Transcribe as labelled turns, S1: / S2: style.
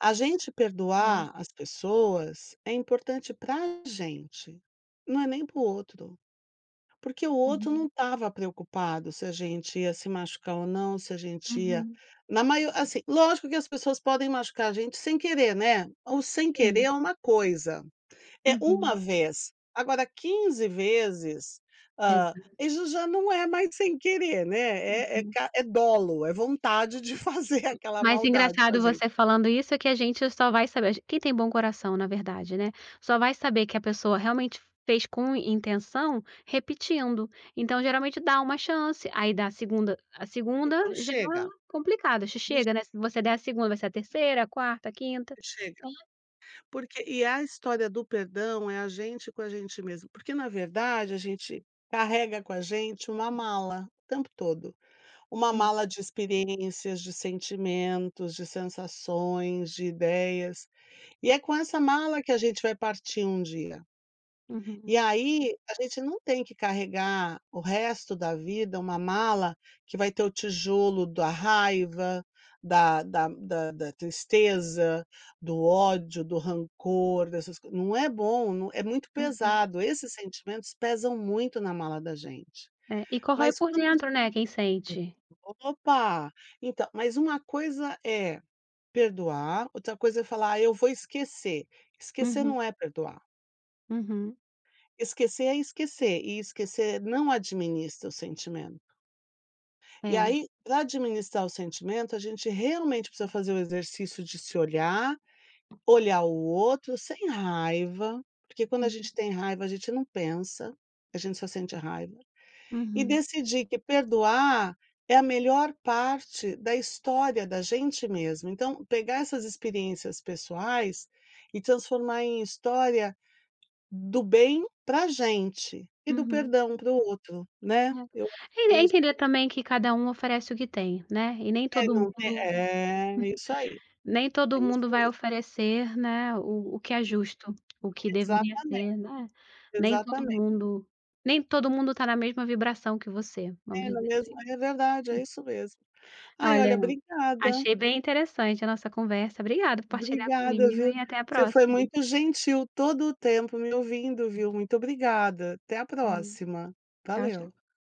S1: A gente perdoar,
S2: É.
S1: as pessoas é importante para gente. Não é nem para o outro, porque o outro não
S2: Uhum.
S1: tava preocupado se a gente ia se machucar ou não, se a gente ia
S2: Uhum.
S1: na mai assim lógico que as pessoas podem machucar a gente sem querer, né. O sem querer
S2: Sim.
S1: é uma coisa, é uma
S2: Uhum.
S1: vez, agora quinze vezes, ah,
S2: Exato.
S1: isso já não é mais sem querer, né? É
S2: Uhum.
S1: é dolo, é
S2: Hum,
S1: vontade de fazer aquela
S2: mas
S1: maldade com a
S2: engraçado
S1: gente.
S2: você falando isso, é que a gente só vai saber quem tem bom coração na verdade, né. Só vai saber que a pessoa realmente fez com intenção, repetindo. Então geralmente dá uma chance, aí dá a 2ª, a 2ª
S1: Então
S2: já
S1: chega.
S2: complicada,
S1: Vixe.
S2: chega né, se você der a
S1: [unintelligible]
S2: 2ª vai ser a 3ª, 4ª, 5ª,
S1: E chega.
S2: né.
S1: Porque e a história do perdão é a gente com a gente mesmo, porque na verdade a gente carrega com a gente uma mala. O tempo todo. Uma
S2: Hum.
S1: mala de experiências, de sentimentos, de sensações, de ideias, e é com essa mala que a gente vai partir um dia.
S2: Uhum.
S1: E aí, a gente não tem que carregar o resto da vida uma mala que vai ter o tijolo da raiva, da da da da tristeza, do ódio, do rancor, dessas não é bom, é muito
S2: Uhum.
S1: pesado, esses sentimentos pesam muito na mala da gente.
S2: É, e corra ai
S1: Mas
S2: por
S1: quando [unintelligible]
S2: dentro, né, quem sente?
S1: Opa. Então, mas uma coisa é perdoar, outra coisa é falar eu vou esquecer, esquecer
S2: Uhum.
S1: não é perdoar.
S2: Uhum.
S1: Esquecer é esquecer, e esquecer não administra o sentimento. E
S2: É.
S1: aí, para administrar o sentimento a gente realmente precisa fazer o exercício de se olhar, olhar o outro sem raiva. Porque quando a
S2: Uhum.
S1: gente tem raiva, a gente não pensa, a gente só sente raiva, e
S2: Uhum.
S1: decidir que perdoar é a melhor parte da história da gente mesmo. Então, pegar essas experiências pessoais, e transformar em história do bem pra gente, e do
S2: Uhum.
S1: perdão para o outro, né. Eu acho
S2: É
S1: que
S2: é é
S1: é isso
S2: entender
S1: mesmo.
S2: também que cada um oferece o que tem, né, e nem
S1: É
S2: todo mundo,
S1: não é é isso aí.
S2: nem
S1: É
S2: todo
S1: isso
S2: mundo vai
S1: mesmo.
S2: oferecer, né. O o que é justo, o que deveria
S1: Exatamente.
S2: ser, né, nem todo
S1: Exatamente.
S2: mundo nem todo mundo está na mesma vibração que você, vamos
S1: É na
S2: dizer
S1: mesma
S2: assim.
S1: é verdade, é isso mesmo. Ai
S2: Olha,
S1: olha obrigada.
S2: achei bem interessante a nossa conversa, obrigada por partilhar
S1: Obrigada
S2: comigo
S1: viu,
S2: e até a
S1: você foi
S2: próxima.
S1: muito gentil todo o tempo me ouvindo, viu, muito obrigada, até à
S2: Valeu.
S1: próxima,
S2: Tchau tchau.
S1: valeu.